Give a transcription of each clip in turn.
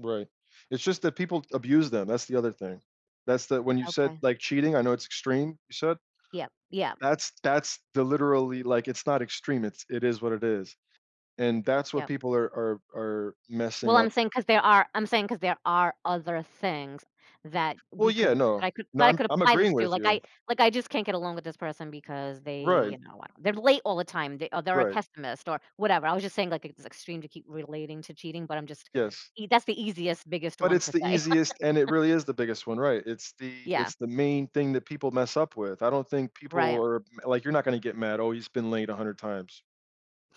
Right. It's just that people abuse them, that's the other thing. That's the when you said, Okay. like, cheating, I know it's extreme, you said. Yep, yep. That's that's the literally, like, it's not extreme, it's it is what it is. And that's what Yep. people are are are Well, messing I'm up. saying 'cause there are I'm saying 'cause there are other things that Well, we yeah, could that I no. could No, that I I'm could I'm apply this agreeing to. with Like, I you. like, I just can't get along with this person because they, Right. you know what, they're late all the time, they a they're a Right. pessimist or whatever. I was just saying, like, it's extreme to keep relating to cheating, but I'm just Yes. ea that's the easiest, biggest But one it's to the say. easiest and it really is the biggest one right, it's the Yeah. it's the main thing that people mess up with. I don't think people Right. are, like, "You're not going get mad." "Oh, he's been late 100 times."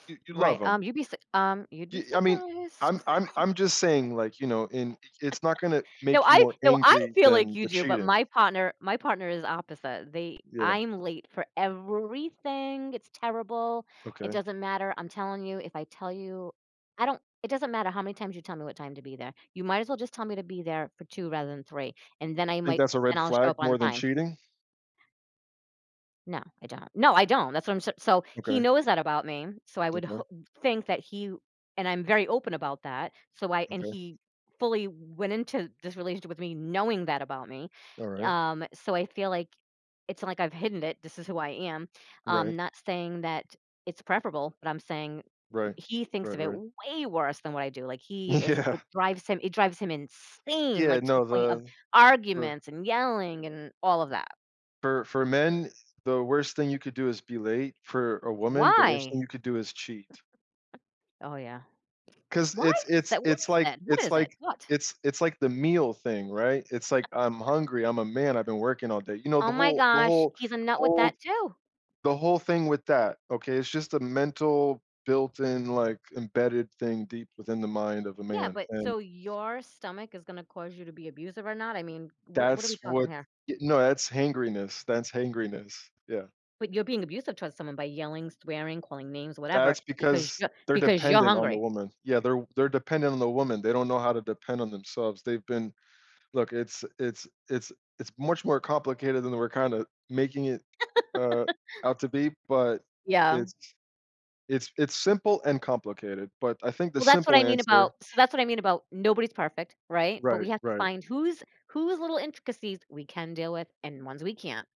You you Right, love him. um, you'd be su um, you'd be Y I mean, surprised. I'm I'm I'm just saying, like, you know, and it's not gonna No, make you I more no, I angry feel like than you the do, but cheating. my partner my partner is opposite. They Yeah. I'm late for everything, it's terrible. It Okay. doesn't matter, I'm telling you if I tell you I don't it doesn't matter how many times you tell me what time to be there. You might as well just tell me to be there for 2:00 rather than 3:00, and then I Think might that's a red then I'll show flag up on more than time. cheating? No, I don't. No, I don't, that's what I'm so so he Okay. knows that about me, so I would Okay. ho think that he and I'm very open about that. So I and Okay. he fully went into this relationship with me, knowing that about me. Alright. Um, so I feel like, it's like I've hidden it- this is who I am. I'm Right. not stating that it's preferable, but I'm saying Right. he thinks Right, of it right. way worse than what I do, like, he is Yeah. it drives him it drives him insane, Yeah, like, to the no point of the per arguments and yelling and all of that. For for men, the worst thing you could do is be late. For a woman, the worst thing Why? you could do is cheat. Oh, yeah. 'Cause Why it's is it's that? What it's is like that? What it's is it? like What? it's it's like the meal thing, right? It's like, "I'm hungry. I'm a man. I've been working all day." You know Oh the my whole the gosh. whole He's a nut the with whole that too! the whole thing with that, okay, is just a mental built-in, like, embedded thing deep within the mind of a Yeah, man but and so your stomach is gonna cause you to be abusive or not? I mean, what what are we That's talking what here? y no, that's hangryness, that's hangryness. Yeah. But you're being abusive towards someone by yelling, swearing, calling names, whatever, That's because because you're they're because you're dependent on the hungry. woman. Yeah, they're they're dependent on the woman. They don't know how to depend on themselves. They've been look, it's it's it's it's much more complicated than we're kinda making it, uh, out to be, but Yeah. it's it's it's simple and complicated, but I think the Well, that's what simple I mean answer about so that's what I mean about, "Nobody's perfect." Right? But we Right, have to right. find whose whose little intricacies we can deal with and ones we can't.